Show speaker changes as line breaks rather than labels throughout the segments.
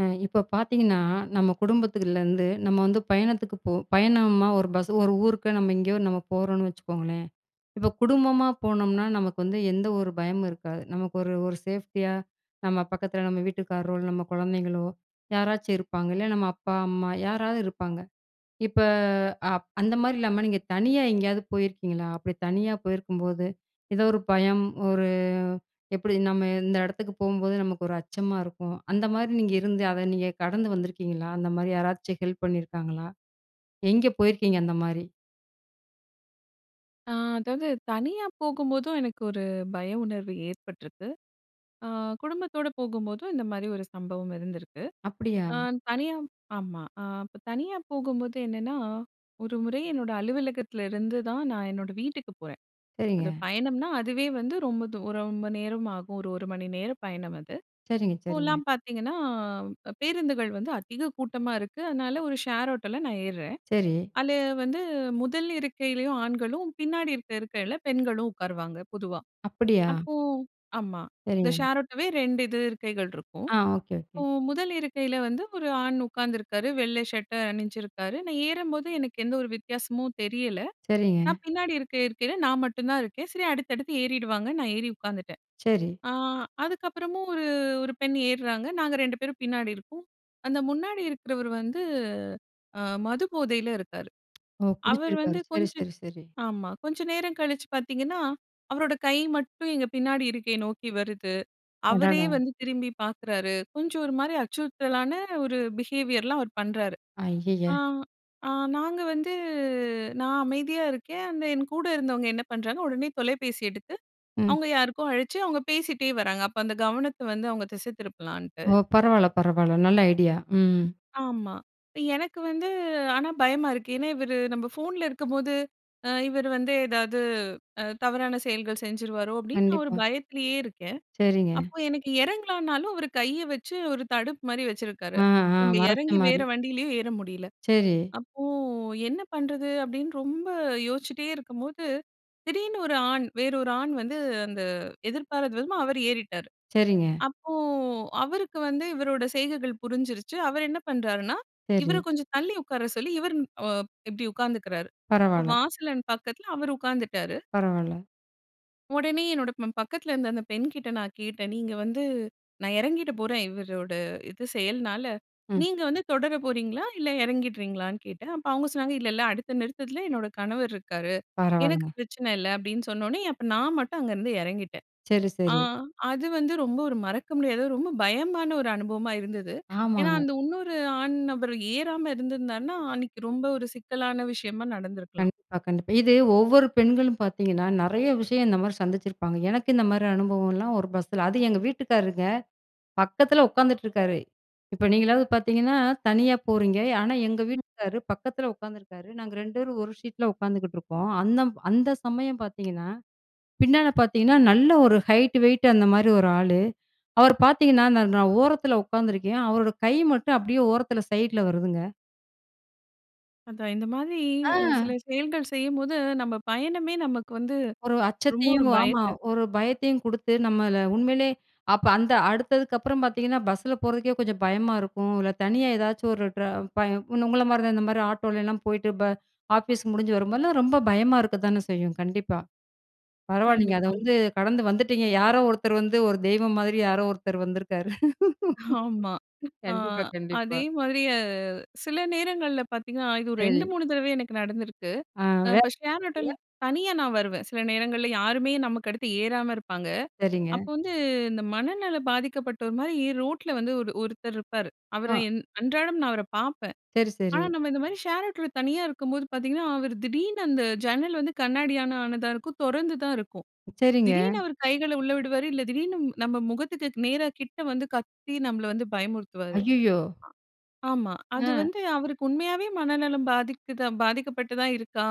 அ இப்போ பார்த்தீங்கன்னா, நம்ம குடும்பத்துக்குள்ளருந்து நம்ம வந்து பயணத்துக்கு போ பயணமா ஒரு பஸ் ஒரு ஊருக்கு நம்ம எங்கேயோ நம்ம போறோம்ன்னு வச்சுக்கோங்களேன். இப்போ குடும்பமா போனோம்னா, நமக்கு வந்து எந்த ஒரு பயமும் இருக்காது. நமக்கு ஒரு ஒரு சேஃப்டியா, நம்ம பக்கத்துல நம்ம வீட்டுக்காரரோ, நம்ம குழந்தைங்களோ, யாராச்சும் இருப்பாங்க. இல்ல நம்ம அப்பா, அம்மா யாராவது இருப்பாங்க. இப்ப அ அந்த மாரி இல்லாம, நீங்க தனியா எங்கேயாவது போயிருக்கீங்களா? அப்டி தனியா போயிருக்கும்போது, ஏதோ ஒரு பயம், ஒரு எப்டி? நம்ம இந்த இடத்துக்கு போகும்போது நமக்கு ஒரு அச்சமா இருக்கும். அந்த மாரி நீங்க இருந்து, அத நீங்க கடந்து வந்துருக்கீங்களா? அந்த மாரி யாராச்சும் ஹெல்ப் பண்ணியிருக்காங்களா? எங்க போயிருக்கீங்க அந்த மாரி?
ஆ. அதாவது தனியா போகும்போதும் எனக்கு ஒரு பய உணர்வு ஏற்பட்ருக்கு. ஆ குடும்பத்தோடு போகும்போதும், இந்த மாரி ஒரு சம்பவம் இருந்திருக்கு.
அப்டியா?
ஆ தனியா ஆமா. ஆ இப்ப தனியா போகும்போது என்னனா, ஒரு முறை என்னோட அலுவலகத்துல இருந்து தான் நான் என்னோட வீட்டுக்குப் போறன். அது
சரிங்க.
பயணம்னா, அதுவே வந்து ரொம்ப தூர ரொம்ப நேரம் ஆகும். ஒரு 1 மணி நேரம் பயணம் அது.
சரிங்க. சரிங்க.
இப்போலாம் பார்த்தீங்கன்னா, அ பேருந்துகள் வந்து அதிக கூட்டமா இருக்கு. அதனால ஒரு ஷேர் ஆட்டோல நான் ஏர்றன்.
சரி.
அதுல வந்து 1 இருக்கையிலேயும் ஆண்களும், பின்னாடி இருக்கிற இருக்கையில பெண்களும் உட்காருவாங்க பொதுவா.
அப்படியா?
அப்போ ஆமா. இந்த
சரிங்க.
ஷேர் ஆட்டோவே 2 இது இருக்கைகள் இருக்கும்.
ஆ. ஓக்கே. ஓக்கே.
இப்போ 1 இருக்கையில வந்து ஒரு ஆண் உட்காந்துருக்காரு. வெள்ளை ஷர்ட அணிஞ்சிருக்காரு. நான் ஏறும்போது எனக்கு எந்த ஒரு வித்தியாசமும் தெரியல.
சரிங்க.
நான் பின்னாடி இருக்க இருக்கைல, நான் மட்டும் தான் இருக்கேன். சரி அடுத்தடுத்து ஏறிடுவாங்கன் நான் ஏறி உட்காந்துட்டேன்.
சரி.
ஆ அதுக்கப்புறமும் ஒரு, ஒரு பெண் ஏர்றாங்க, நாங்க 2 பேரும் பின்னாடி இருக்கோம். அந்த முன்னாடி இருக்கிறவரு வந்து அ மது போதையில இருக்காரு.
ஓ!
அவரு
குடிச்சிருக்காரு.
வந்து
சரி
கொஞ்சம்
சரி சரி.
ஆமா. கொஞ்சம் நேரம் கழிச்சு பார்த்தீங்கன்னா, அவரோட கை மட்டும் எங்க பின்னாடி இருக்கை நோக்கி வருது. அவரே
அடடா!
வந்து திரும்பி பார்க்குறாரு. கொஞ்சம் ஒரு மாரி அச்சுறுத்தலான ஒரு பிஹேவியர்லாம் அவரு பண்றாரு.
அய்யய்ய!
ஆ ஆ நாங்க வந்து நான் அமைதியா இருக்கேன், அந்த என் கூட இருந்தவங்க என்ன பண்றாங்க, உடனே தொலைபேசி எடுத்து,
ம்.
அவங்க யாருக்கோ அழச்சு அவங்க பேசிட்டே வராங்க. அப்ப அந்த கவனத்த வந்து, அவங்க திசை திருப்பலான்ட்டு.
ஓ! பரவால்ல பரவால்ல. நல்ல ஐடியா! ம்.
ஆமா. எனக்கு வந்து ஆனா பயமா இருக்கு. ஏனா, இவரு நம்ம ஃபோன்ல இருக்கும்போது, அ இவரு வந்து ஏதாவது அ தவறான செயல்கள் செஞ்சுருவாரோ அப்டீன்னு, நான் ஒரு
கண்டிப்பா.
பயத்திலேயே இருக்கேன்.
சரிங்க.
அப்போ எனக்கு இறங்கலானாலும், அவர் கைய வச்சு ஒரு தடுப்பு மாரி வச்சுருக்காரு.
ஆ. ஆ.
நம்ம
மறச்ச
இறங்கி
மாரி.
வேற வண்டியிலேயும் ஏற முடியல.
சரி.
அப்போ என்ன பண்றது? அப்டின்னு ரொம்ப யோசிச்சிட்டே இருக்கும்போது, திடீர்னு ஒரு ஆண், வேற ஒரு ஆண் வந்து, அந்த எதிர்பாரத விதமா அவரு ஏறிட்டாரு.
சரிங்க.
அப்போ அவருக்கு வந்து இவரோட செய்கைகள் புரிஞ்சிருச்சு. அவர் என்ன பண்றாருன்னா, இவர
சரி.
கொஞ்சம் தள்ளி உட்கார சொல்லி இவரு அ இப்டி உட்கார்ந்துகிறாரு. இப்போ
பரவால்ல.
வாசலின் பக்கத்துல அவர் உட்கார்ந்துட்டாரு.
பரவால்ல.
உடனே என்னோட ப பக்கத்துல இருந்த அந்த பெண்கிட்ட நான் கேட்டேன், "நீங்க வந்து, நான் இறங்கிட போறேன், இவரோட, இது செயல்னால,
ம்.
நீங்க வந்து தொடர போறீங்களா, இல்ல எறங்கிடுறீங்களா?"ன்னு கேட்டேன். அப்ப அவுங்க சொன்னாங்க, "இல்ல இல்ல, அடுத்த நிறுத்தத்துல என்னோட கணவர் இருக்காரு; எனக்கு
பரவாலங்க.
பிரச்சன இல்ல," அப்டின்னு சொன்னோன்னே. அப்ப நான் மட்டும் அங்கருந்து எறங்கிட்டேன்!
சரி,
அ,
சரி.
அது வந்து ரொம்ப ஒரு மறக்க முடியாத, ரொம்ப பயமான ஒரு அனுபவமா இருந்தது. ஏன்னா
ஆமாங்க.
அந்த இன்னொரு ஆண் நபர் ஏறாம இருந்திருந்தார்னா, அன்னைக்கு ரொம்ப ஒரு சிக்கலான விஷயமா நடந்துருக்கலாம்.
கண்டிப்பா, கண்டிப்பா! இது ஒவ்வொரு பெண்களும் பாத்தீங்கன்னா நெறைய விஷயம் இந்தமாரி சந்திச்சிருப்பாங்க. எனக்கு இந்த மாரி அனுபவம்லாம் ஒரு பஸ்ல அதும் எங்க வீட்டுக்காரருங்க! பக்கத்துல உக்காந்துட்ருக்காரு! இப்ப நீங்களாவது பாத்தீங்கன்னா, தனியா போறீங்க, ஆனா எங்க
ம்.
வீட்டுக்காரு பக்கத்துல உக்காந்துருக்காரு, நாங்க 2 பேரும் 1 சீட்ல உக்காந்துக்கிட்டுருக்கோம். அன்னம் அந்த சமயம் பாத்தீங்கன்னா, பின்னால பாத்தீங்கன்னா, நல்ல ஒரு ஹைட், வெய்ட் அந்த மாரி ஒரு ஆளு. அவர் பாத்தீங்கன்னா நான் நான் ஓரத்துல உக்காந்துருக்கேன், அவரோட கை மட்டும் அப்டியே ஓரத்துல சைட்ல வருதுங்க!
அதான், இந்த மாதிரி, அ
அ!
சில செயல்கள் செய்யும்போது, நம்ம பயணமே நமக்கு வந்து,
ஒரு
ரொம்ப ஒரு
அச்சத்தையும், ஆமா,
பயத்த
ஒரு பயத்தையும் குடுத்து, நம்மள உண்மையிலே, அப்ப அந்த அடுத்ததுக்கப்புறம் பாத்தீங்கன்னா பஸ்ல போறதுக்கே கொஞ்சம் பயமா இருக்கும், இல்ல தனியா ஏதாச்சும் ஒரு ட்ரா பய உன்ன உங்கள மாரி தான் இந்த மாரி ஆட்டோலலாம் போயிட்டு ப ஆஃபீஸ் முடிஞ்சு வரும்போதெல்லாம் ரொம்ப பயமா இருக்கத்தானே செய்யும்? கண்டிப்பா, பரவால்லீங்க! அத
கண்டிப்பா.
வந்து கடந்து வந்துட்டீங்க! யாரோ ஒருத்தர் வந்து, ஒரு தெய்வம் மாரி யாரோ ஒருத்தர் வந்திருக்காரு!
ஆமா, அ
கண்டிப்பா, கண்டிப்பா.
அதே மாதிரி அ, சில நேரங்கள்ல பாத்தீங்கன்னா, இது ஒரு ரெண்டு,
சரி.
மூணு தடவ எனக்கு நடந்திருக்கு.
அ, வே
இப்ப ஷேர் ஆட்டோல
[unintelligible]
தனியா நான் வருவேன். சில நேரங்கள்ல யாருமே நமக்கு அடுத்து ஏறாம இருப்பாங்க.
சரிங்க.
அப்ப வந்து இந்த மனநல பாதிக்கப்பட்டோர் மாரி ரோட்ல வந்து ஒரு ஒருத்தர் இருப்பாரு, அவர
அ.
என் அன்றாடம் நான் அவர பார்ப்பேன்.
சரி,
ஆனா
சரி.
நம்ம இந்த மாரி ஷேர் ஆட்டோல தனியா இருக்கும்போது பாத்தீங்கன்னா, அவரு திடீர்னு அந்த ஜன்னல் வந்து கண்ணாடியால ஆனதா இருக்கும், தொறந்து தான் இருக்கும்,
சரிங்க.
திடீர்னு அவரு கைகள உள்ள விடுவாரு, இல்ல திடீர்னு, நம்ம முகத்துக்கு நேரா கிட்ட வந்து கத்தி, நம்மள வந்து பயமுறுத்துவாரு! அ.
ஐய்யயோ!
ஆமா, அது
அ.
வந்து அவருக்கு உண்மையாவே மனநலம் பாதித்துதா பாதிக்கப்பட்டு தான் இருக்கா.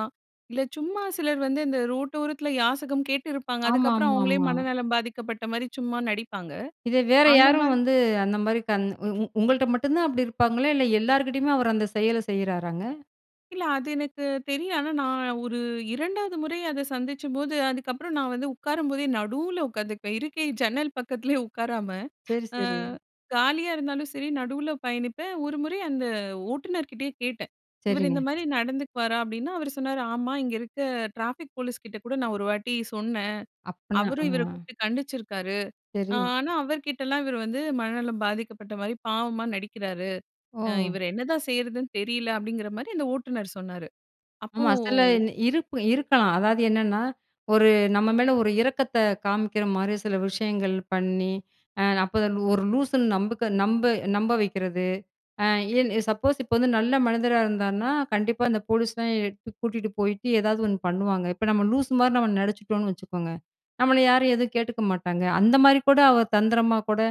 இல்ல, சும்மா சிலர் வந்து இந்த ரோட்டோரத்துல யாசகம் கேட்டு இருப்பாங்க, அதுக்கப்புறம் அவுங்களே
ஆமாமாமா.
மனநலம் பாதிக்கப்பட்ட மாரி சும்மா நடிப்பாங்க
இத வேற
அந்த
யாரும்
மாதி
வந்து, அந்த மாதிரி கண் உ உங்கள்ட்ட மட்டும் தான் அப்படி இருப்பாங்களா? இல்ல எல்லார்கிட்டயுமே அவர் அந்த செயல செய்றாராங்க?
இல்ல அது எனக்கு தெரியும். ஆனா நான் 1 2 வது முறை அத சந்திச்சப்போது, அதுக்கப்புறம் நான் வந்து உட்காரும்போதே நடுவில் உட்கார்ந்துக்குவேன் இருக்கை ஜன்னல் பக்கத்திலேயே உட்காராம
சரி,
ஆ
சரி.
காலியா இருந்தாலும் சரி நடுவுல பயணிப்பேன். 1 முறை அந்த ஓட்டுனர்கிட்டயே கேட்டேன். இவரு
சரிங்க.
இந்த மாரி நடந்துக்குவாரா? அப்பிடினா அவரு சொன்னாரு "ஆமா, இங்க இருக்க டிராபிக் போலீஸ் கிட்ட கூட நான் 1 வாட்டி சொன்னேன்.
அப்பன்னா ஆ
அவரும் இவர கூப்பிட்டு கண்டிச்சிருக்காரு. ஆ
சரி.
ஆனா, அவர்கிட்டலாம் இவர் வந்து மனநலம் பாதிக்கப்பட்ட மாரி பாவமா நடிக்கிறாரு. அ
ஓ!
இவர என்னதான் செய்றதுன்னு தெரியல" அப்பிடிங்கிற மாரி அந்த ஓட்டுனர் சொன்னாரு அப்போ
ஆமா, சில இருப் இருக்கலாம். அதாவது என்னன்னா, 1 நம்ம மேல 1 இரக்கத்த காமிக்கிற மாரி சில விஷயங்கள் பண்ணி, அ அப்போ 1 லூ லூசுன்னு நம்புக்க நம்ப, நம்ப வைக்கிறது. ஆ ஏன் சப்போஸ் இப்போ வந்து நல்ல மனிதரா இருந்தாருன்னா, கண்டிப்பா அந்த போலீஸ்லாம் கூட்டிட்டு போயிட்டு, ஏதாவது 1 பண்ணுவாங்க. இப்போ நம்ம லூசு மாரி நம்ம நடிச்சிட்டோன்னு வச்சுக்கோங்க. நம்மள யாரும் எதுவும் கேட்டுக்க மாட்டாங்க. அந்த மாதிரி கூட அவர் தந்திரமா கூட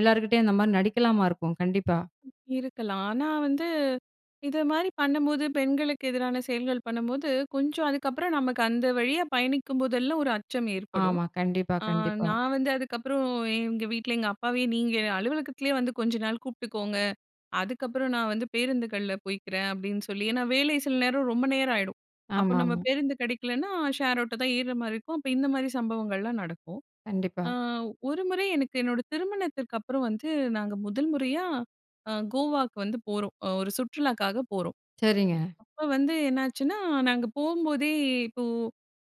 எல்லாருக்கிட்டயும் அந்தமாரி நடிக்கலாமா இருக்கும் கண்டிப்பா.
இருக்கலாம். ஆனா வந்து இது மாரி பண்ணும்போது, பெண்களுக்கு எதிரான செயல்கள் பண்ணும்போது, கொஞ்சம் அதுக்கப்புறம் நமக்கு அந்த வழியா பயணிக்கும் போதெல்லாம் 1 அச்சம் ஏற்படும்.
ஆமா. கண்டிப்பா,
அ
கண்டிப்பா.
நான் வந்து அதுக்கப்புறம் எங்க வீட்ல எங்க அப்பாவையே, நீங்க அலுவலகத்திலயே வந்து கொஞ்ச நாள் கூப்பிட்டுக்கோங்க. அதுக்கப்புறம் நான் வந்து பேருந்துகள்ல போய்க்கிறேன் அப்பிடின்னு சொல்லி ஏன்னா வேலை சில நேரம் ரொம்ப நேரம் ஆயிடும். அப்போ
ஆமா,
நம்ம
ஆமா.
பேருந்து கிடைக்கலன்னா ஷேர் ஆட்டோ தான் ஏர்ற மாரி இருக்கும். அப்போ இந்தமாரி சம்பவங்கள்லாம் நடக்கும். ஆ
கண்டிப்பா.
1 முறை எனக்கு என்னோட திருமணத்திற்கு அப்புறம் வந்து நாங்க 1 முறையா அ கோவாவுக்கு வந்து போறோம். அ 1 சுற்றுலாக்காக போறோம்.
சரிங்க.
அப்போ வந்து என்னாச்சுன்னா, நாங்க போம்போதே, இப்போ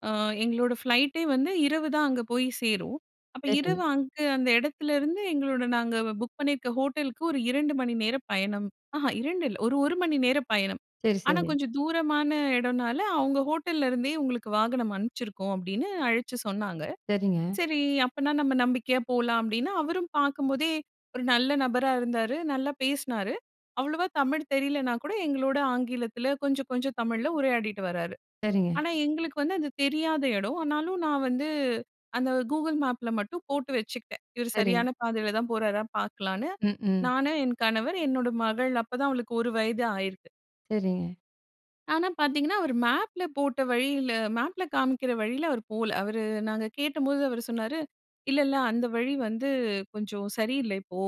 அ எங்களோட ஃப்ளைட் டே வந்து இரவு தான் அங்க போய் சேரும். அப்போ
சரி.
இரவு அங்கு அந்த இடத்திலிருந்து, எங்களோட நாங்க புக் பண்ணியிருக்க ஹோட்டலுக்கு 1 2 மணி நேரம் பயணம். ஆஹ, 2 இல்ல 1 1 மணி நேரம் பயணம்.
சரி,
ஆனா,
சரி.
கொஞ்சம் தூரமான இடம்னால அவுங்க ஹோட்டல்ல இருந்தே உங்களுக்கு வாகனம் அனுப்பிச்சிருக்கோம். அப்பிடின்னு அழச்சு சொன்னாங்க.
சரிங்க.
சரி அப்பன்னா நம்ம நம்பிக்கையா போலாம். அப்பிடின்னு அவரும் பார்க்கும்போதே, 1 நல்ல நபரா இருந்தாரு, நல்லா பேசினாரு. அவ்வளவா தமிழ் தெரியலனா கூட எங்களோட ஆங்கிலத்தில கொஞ்சம், கொஞ்சம் தமிழ்ல உரையாடிட்டு வராரு.
சரிங்க.
ஆனா, எங்களுக்கு வந்து அது தெரியாத இடம் ஆனாலும் நான் வந்து அந்த Google Mapல மட்டும் போட்டு வச்சுக்கிட்டேன். இவரு
சரி.
சரியான பாதையில தான் போறாரா பார்க்கலான்னு.
ம், ம்.
நானும், என் கணவர், என்னோட மகள். அப்போ தான் அவளுக்கு 1 வயது ஆயிருக்கு.
சரிங்க.
ஆனா, பாத்தீங்கன்னா, அவரு மேப்பில போட்ட வழியில மேப்ல காமிக்கிற வழில அவர் போல. அவரு நாங்க கேட்டபோது அவரு சொன்னாரு "இல்ல, இல்ல அந்த வழி வந்து கொஞ்சம் சரியில்ல இப்போ.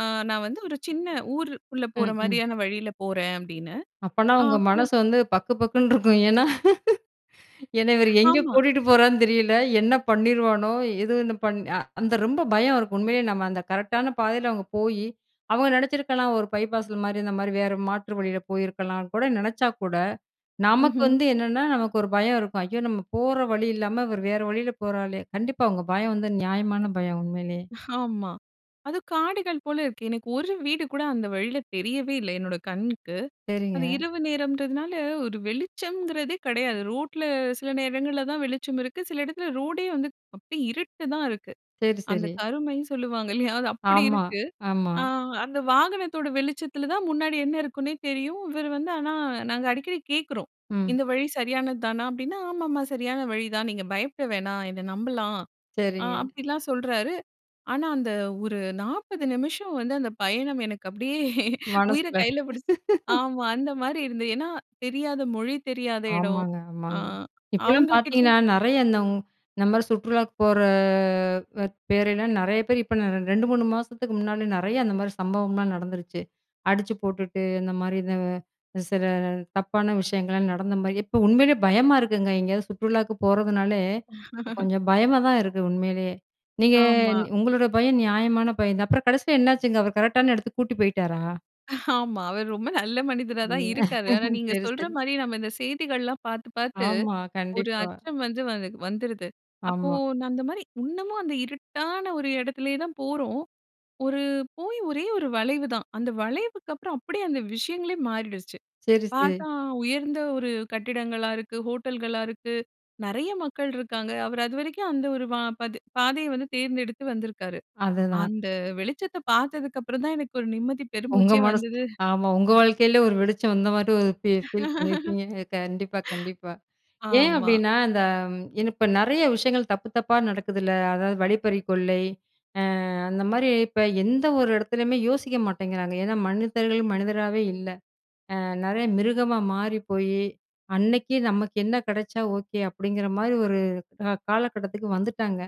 அ நான் வந்து ஒரு சின்ன ஊரு உள்ள போற
ம் ம்.
மாரியான வழியில போறேன்" அப்படின்னு.
அப்பன்னா
ஆ
உங்க
அப்போ
மனசு வந்து பக்கு, பக்குன்னு இருக்கும். ஏன்னா ஏன்னா இவரு எங்கே
ஆமா.
கூட்டிட்டு போறான்னு தெரியல. என்ன பண்ணிருவானோ! எது என்னு பண் அ அந்த ரொம்ப பயம் இருக்கும் உண்மையிலயே நம்ம அந்த கரெக்டான பாதைல அவுங்க போயி அவங்க நெனைச்சிருக்கலாம் ஒரு பைபாஸ்ல மாரி இந்த மாரி வேற மாற்று வழியில போயிருக்கலான்னு கூட நெனைச்சா கூட, நமக்கு
ம்ஹ்ம்.
வந்து என்னென்னா, நமக்கு ஒரு பயம் இருக்கும். ஐயோ! நம்ம போற வழி இல்லாம இவரு வேற வழில போறாரே. கண்டிப்பா உங்க பயம் வந்து நியாயமான பயம். உண்மையிலயே.
ஆமா அதும் காடுகள் போல இருக்கு. எனக்கு ஒரு வீடு கூட அந்த வழியில தெரியவே இல்ல. என்னோட கண்ணுக்கு. அது
சரிங்க.
இரவு நேரம்ன்றதுனால, ஒரு வெளிச்சம்ங்கிறதே கிடையாது. ரோட்ல சில நேரங்கள்ல தான் வெளிச்சம் இருக்கு. சில இடத்துல ரோடே வந்து அப்டியே இருட்டு தான் இருக்கு.
சரி,
அந்த
சரி.
கருமைன்னு சொல்லுவாங்க இல்லையா? அது அப்பிடி
ஆமா,
இருக்கு.
ஆமா.
அ அந்த வாகனத்தோட வெளிச்சத்துல தான் முன்னாடி என்ன இருக்குன்னே தெரியும். இவர் வந்து ஆனா நாங்க அடிக்கடி கேக்குறோம்
ம்.
இந்த வழி சரியானது தானா? அப்டின்னா, ஆமாம்மா சரியான வழிதான். நீங்க பயப்பட வேணாம் என்ன நம்பலாம் அ
சரிங்க.
அப்படிலாம் சொல்றாரு. ஆனா அந்த ஒரு 40 நிமிஷம் வந்து அந்த பயணம் எனக்கு அப்டியே உயிர
மனசுகுள்ள
கைல பிடிச்சு ஆமா அந்த மாரி இருந்தது. ஏன்னா தெரியாத மொழி, தெரியாத இடம்
ஆமாங்க,
அ
ஆமாங்க, இப்போலாம்
அவங்கள
பாத்தீங்கன்னா,
கேட்டிங்
நெறைய இந்த இந்த மாரி சுற்றுலாக்கு போற வ பேரெல்லாம் நிறைய பேர் இப்போ நா 2, 3 மாசத்துக்கு முன்னால நிறைய அந்த மாரி சம்பவம்லாம் நடந்துருச்சு. அடிச்சு போட்டுட்டு இந்த மாரி இத சில தப்பான விஷயங்கள்லாம் நடந்த மாரி இப்போ உண்மையிலே பயமா இருக்குங்க. எங்கயாவது சுற்றுலாக்கு போறதுனாலே கொஞ்சம் பயமா தான் இருக்கு. உண்மையிலயே நீங்க
ஆமா.
உங்களோட பயம் நியாயமான பயம் தான். அப்புறம் கடைசில என்னாச்சுங்க? அவர் கரெக்டான இடத்துக்கு கூட்டிட்டு போய்ட்டாரா?
ஆமா, அவரு ரொம்ப நல்ல மனிதரா தான் இருக்காரு. ஆனா
[unintelligible]
நீங்க
சரி,
சொல்ற
சரி.
மாரி நம்ம இந்த செய்திகள்லாம் பார்த்து, பார்த்து
ஆமா,
ஒரு
கண்டிப்பா.
அச்சம் வந்து, வந் வந்துருது. அப்போ
ஆமா.
அந்தமாரி இன்னமும் அந்த இருட்டான ஒரு இடத்திலேயே தான் போறோம். ஒரு, போயி ஒரே 1 வளைவு தான். அந்த வளைவுக்கு அப்புறம் அப்படியே அந்த விஷயங்களே மாறிடுச்சு.
சரி, செ
பார்த்தா, உயர்ந்த ஒரு கட்டிடங்களா இருக்கு, ஹோட்டல்களா இருக்கு. நெறைய மக்கள் இருக்காங்க. அவரு அதுவரைக்கும் அந்த ஒரு வா பது பாதைய வந்து தேர்ந்தெடுத்து வந்திருக்காரு.
அதுதான்.
அந்த வெளிச்சத்த பார்த்ததுக்கப்புறம் தான், எனக்கு ஒரு நிம்மதி
உங்க
பெருமூச்சே
மனசு.
வந்துது.
ஆமா உங்க வாழ்க்கைலயும் ஒரு வெளிச்சம் வந்த மாதிரி ஒரு ஃபீல் ஃபீல் பண்ணியிருப்பீங்க! அ, கண்டிப்பா, கண்டிப்பா! ஏன்
ஆமா.
அப்படின்னா, அந்த ம், ஏன்னா இப்ப நெறைய விஷயங்கள் தப்பு தப்பா நடக்குதுல்ல? அதாவது "வழிப்பறிக்கொள்ளை" அ அந்த மாரி, இப்ப எந்த ஒரு இடத்துலயுமே யோசிக்க மாட்டேங்கிறாங்க. ஏன்னா மனிதர்கள், மனிதராவே இல்ல. அ நெறைய மிருகமா மாறி போயி, அன்னைக்கு நமக்கு என்ன கெடச்சா ஓகே, அப்படிங்கிற மாரி ஒரு க காலகட்டத்துக்கு வந்துட்டாங்க.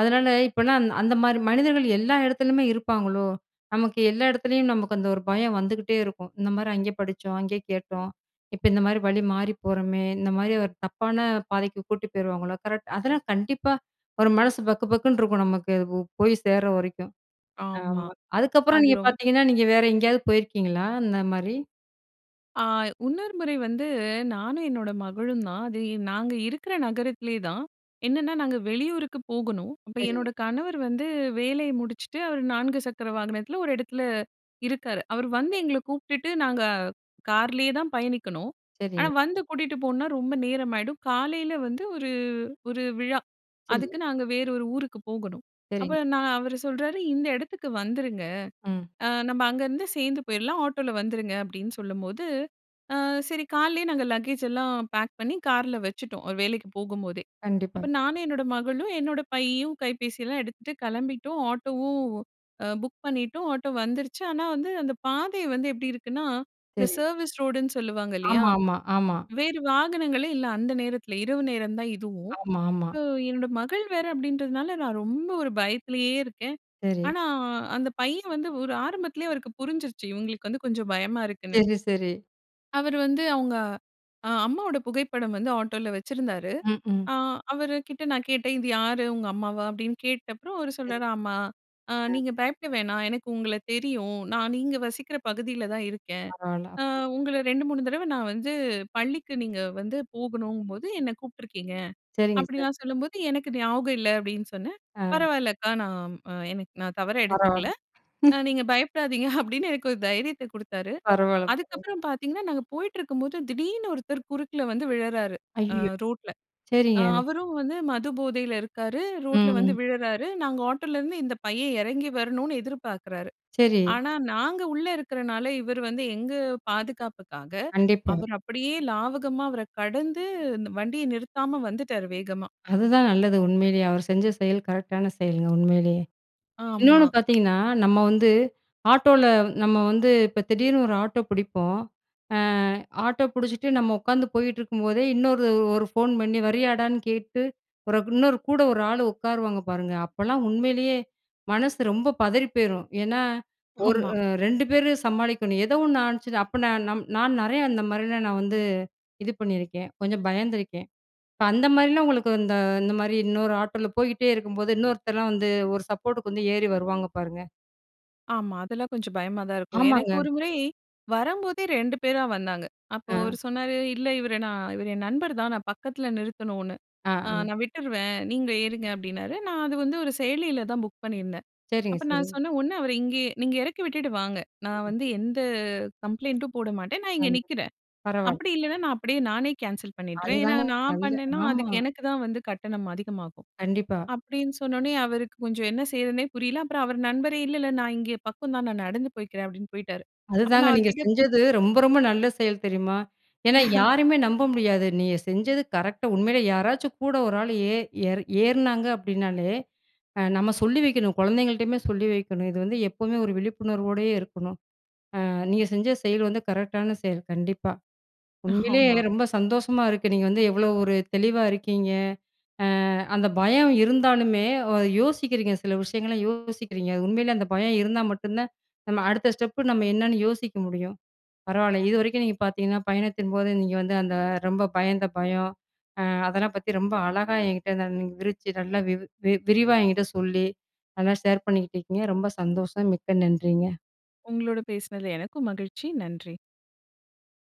அதுனால, இப்போலாம் அந் அந்த மாதிரி மனிதர்கள் எல்லா இடத்துலயுமே இருப்பாங்களோ? நமக்கு எல்லா இடத்துலயும், நமக்கு அந்த ஒரு பயம் வந்துக்கிட்டே இருக்கும். இந்த மாரி அங்கே படிச்சோம், அங்கே கேட்டோம்! இப்ப இந்த மாரி வழி மாறி போறோமே! இந்த மாரி ஒரு தப்பான பாதைக்கு கூட்டி போயிருவாங்களோ? கரெக்ட். அதெல்லாம் கண்டிப்பா, ஒரு மனசு பக்கு, பக்குன்னு இருக்கும் நமக்கு. ஓ போய் சேர்ற வரைக்கும்.
ஆமா,
ஆமா. அதுக்கப்புறம்
அது
நீங்க
ரொம்
பார்த்தீங்கன்னா, நீங்க வேற எங்கயாவது போயிருக்கீங்களா? அந்த மாரி?
ஆ, இன்னொரு முறை வந்து, நானும் என்னோட மகளும் தான். அது நாங்க இருக்கிற நகரத்திலே தான். என்னனா, நாங்க வெளியூருக்கு போகணும். அப்ப
சரிங்க.
என்னோட கணவர் வந்து வேலைய முடிச்சிட்டு, அவர் 4 சக்கர வாகனத்தில 1 இடத்தில இருக்காரு. அவர் வந்து
சரி.
எங்கள கூப்ட்டுட்டு, நாங்க கார்லயே தான் பயணிக்கணும். ஆனா,
சரி.
வந்து கூட்டிட்டு போனா ரொம்ப நேரமாயிடும். காலையில வந்து ஒரு ஒரு விழா.
சரி.
அதுக்கு, நாங்க வேறு 1 ஊருக்கு போகணும். அப்ப
சரிங்க.
நான் அவரு சொல்றாரு, "இந்த இடத்துக்கு வந்துருங்க.
ம்.
அ நம்ப அங்கருந்து சேர்ந்து போயிட்லாம், ஆட்டோவுல வந்துருங்க." அப்பிடின்னு சொல்லும்போது, அ, சரி காலைலே நாங்க லக்கேஜ் எல்லாம் பேக் பண்ணி, கார்ல வச்சுட்டோம். அவரு வேலைக்கி போகும்போதே!
கண்டிப்பா.
அப்ப நானு, என்னோட மகளும் என்னோட பையும் கைபேசிலாம் எடுத்துட்டு கிளம்பிட்டோம். ஆட்டோவும் அ புக் பண்ணிட்டோம், ஆட்டோ வந்துருச்சி. ஆனா வந்து, அந்த பாதை வந்து எப்பிடி இருக்குன்னா, இந்த
சரி.
சர்வீஸ் ரோடுன்னு சொல்லுவாங்க இல்லயா,
ஆமா, ஆமா, ஆமா.
வேறு வாகனங்களே இல்ல. அந்த நேரத்தில இரவு நேரம் தான் இதுவும்.
ஆமா, ஆமா.
இப்ப என்னோட மகள் வேற அப்பிடின்றதுனால, நான் ரொம்ப 1 பயத்திலே இருக்கேன்.
சரி.
ஆனா, அந்த பையன் வந்து ஒரு ஆரம்பத்திலே அவருக்கு புரிஞ்சிருச்சி. இவுங்களுக்கு வந்து கொஞ்சம் பயமா இருக்க்குன்னு.
சரி, சரி.
அவரு வந்து, அவுங்க அ அம்மாவோட புகைப்படம் வந்து ஆட்டோல வச்சிருந்தாரு.
ம்ஹ்ம்.
அ அவருகிட்ட நான் கேட்டேன், "இது யாரு, உங்க அம்மாவா?" அப்படின்னு கேட்டப்புறம் அவரு
[unintelligible]
சொல்றாரு, "ஆமா. அ
அ.
நீங்க பயப்பட வேணா. எனக்கு உங்கள தெரியும். நான் நீங்க வசிக்கிற பகுதியில தான் இருக்கேன்.
[unintelligible] பரவால்ல.
அ உங்கள 2, 3 தடவை நான் வந்து, பள்ளிக்கு நீங்க வந்து போகணுங்கும்போது என்ன கூப்பிட்டுருக்கீங்க"
சரிங்க சார்.
அப்படிலாம் சொல்லும்போது, "எனக்கு ஞாபகம் இல்ல" அப்படின்னு சொன்னேன்.
அ.
"பரவாயில்ல அக்கா. நான் அ எனக்கு நான் தவறா எடுத்துக்கல.
பரவாயில்ல..
அ
[unintelligible]
நீங்க பயப்படாதீங்க", அப்படின்னு எனக்கு ஒரு தைரியத்த குடுத்தாரு.
பரவாயில்ல,. [unintelligible]
அதுக்கப்புறம் பார்த்தீங்கன்னா, நாங்க போயிட்டுருக்கும்போது திடீர்னு ஒருத்தர் குறுக்குல வந்து விழறாரு. அ
ஐயயோ!
ரோட்ல. அ
சரிங்க.
அவரும் வந்து மது போதைல இருக்காரு, ரோட்ல வந்து
ம்.
விழறாரு. நாங்க ஆட்டோலருந்து, இந்த பையன் இறங்கி வரணுன்னு எதிர்பார்க்குறாரு.
சரி.
ஆனா நாங்க உள்ள இருக்கிறனால, இவரு வந்து எங்க பாதுகாப்புக்காக,
கண்டிப்பா.
அவரு அப்படியே லாவகமா அவர கடந்து, அந்த வண்டிய நிறுத்தாம வந்துட்டாரு வேகமா.
அதுதான் நல்லது உண்மையிலேயே. அவர் செஞ்ச செயல் கரெக்டான செயல்ங்க உண்மையிலயே. இன்னொன்னு
ஆமா.
பார்த்தீங்கன்னா, "நம்ம வந்து, ஆட்டோல நம்ம வந்து இப்ப திடீர்னு ஒரு ஆட்டோ புடிப்போம். அ, ஆட்டோ புடிச்சுட்டு நம்ம உக்காந்து போயிட்டுருக்கும்போதே இன்னொரு ஒரு ஃபோன் பண்ணி, வரியாடான்னு கேட்டு, பிறகு இன்னொரு கூட ஒரு ஆளு உட்காருவாங்க பாருங்க?" அப்பலாம் உண்மையிலேயே, மனசு ரொம்ப பதறி போயிரும். ஏன்னா ஒரு
ஆமா.
அ 2 பேரு சமாளிக்கனும். ஏதோ ஒண்ணு ஆனுச்சுனா அப்படினா, நான் நம் நான் நிறைய அந்த மாரிலாம் நான் வந்து, இது பண்ணியிருக்கேன். கொஞ்சம் பயந்துருக்கேன். அந்த மாரிலாம் உங்களுக்கு இந்த இந்த மாரி இன்னொரு ஆட்டோல போய்கிட்டே இருக்கும்போது, இன்னொருத்தர்லாம் வந்து ஒரு சப்போர்ட்டுக்கு வந்து ஏறி வருவாங்க, பாருங்க.
ஆமா, அதெல்லாம் கொஞ்சம் பயமா தான் இருக்கும். எனக்கு
ஆமாங்க.
ஒரு முறை, வரம்போதே 2 பேரா வந்தாங்க. அப்போ
அ.
அவர் சொன்னாரு, "இல்ல, இவர நான் இவர் என் நண்பர் தான். நான் பக்கத்தில நிறுத்தணும்னு,
ஆ.
அ
ஆ.
நான் விட்டுருவேன். நீங்க ஏறுங்க." அப்படின்னாரு. நான் அது வந்து ஒரு செயலியில தான் புக் பண்ணியிருந்தேன்.
சரிங்க,
அப்ப நான்
சரிங்க.
சொன்னேன், "ஒன்னு அவர இங்கயே நீங்க இறக்கி விட்டுட்டு வாங்க. நான்
சரிங்க.
வந்து எந்த கம்ப்ளைன்ட்டும் போட மாட்டேன். நான் இங்க
கண்டிப்பா,
நிற்கிறேன்.
பரவால்லை.
அப்படி இல்லன்னா, நான் அப்படியே நானே கேன்சல் பண்ணிட்றேன். ஏன்னா,
அதுதாங்க
நான்
நல்ல
பண்ணேன்னா
ஆமா.
அதுக்கு எனக்கு தான் வந்து கட்டணம் அதிகமாகும்."
கண்டிப்பா.
அப்படீன்னு சொன்ன உடனே, அவருக்கு கொஞ்சம் என்ன செய்யறதுன்னே புரியல. அப்பறம் அவர் நண்பரே, "இல்ல இல்ல நான் இங்கே பக்கம் தான், நான் நடந்து போய்க்கிறேன்." அப்படீன்னு போய்ட்டாரு. அப்ப
அதுதாங்க,
நான் அவர்
நீங்க
கிட்ட
செஞ்சது ரொம்ப ரொம்ப நல்ல செயல் தெரியுமா? ஏன்னா, யாரையுமே நம்ப முடியாது. நீங்க செஞ்சது கரெக்ட்டா உண்மையிலே யாராச்சும் கூட ஒரு ஆள் ஏ ஏறு ஏறுனாங்க அப்படினாலே, அ நம்ம சொல்லி வைக்கணும். குழந்தைங்கள்ட்டயுமே சொல்லி வைக்கணும். இது வந்து எப்பவுமே ஒரு விழிப்புணர்வோடே இருக்கணும். அ நீங்க செஞ்ச செயல் வந்து கரெக்டான செயல், கண்டிப்பா. உண்மையிலே
ஆமா.
ரொம்ப சந்தோஷமா இருக்குது. நீங்க வந்து எவ்வளோ ஒரு தெளிவா இருக்கீங்க. அ அந்த பயம் இருந்தாலுமே, வ யோசிக்கிறீங்க. சில விஷயங்கள யோசிக்கிறீங்க. உண்மையிலே அந்த பயம் இருந்தா மட்டும் தான், நம்ம அடுத்த ஸ்டெப்பு நம்ம என்னன்னு யோசிக்க முடியும். பரவால்ல, இது வரைக்கும் நீங்க பார்த்தீங்கன்னா, பயணத்தின்போது நீங்க வந்து அந்த ரொம்ப பயந்த பயம். அ அதெல்லாம் பத்தி ரொம்ப அழகா என்கிட்ட ந நீங்க விவரிச்சு நல்லா வி வி விரிவா என்கிட்ட சொல்லி, நல்லா ஷேர் பண்ணிக்கிட்டுருக்கீங்க. ரொம்ப சந்தோஷம். மிக்க நன்றிங்க.
உங்களோடு பேசினதில எனக்கும் மகிழ்ச்சி. நன்றி.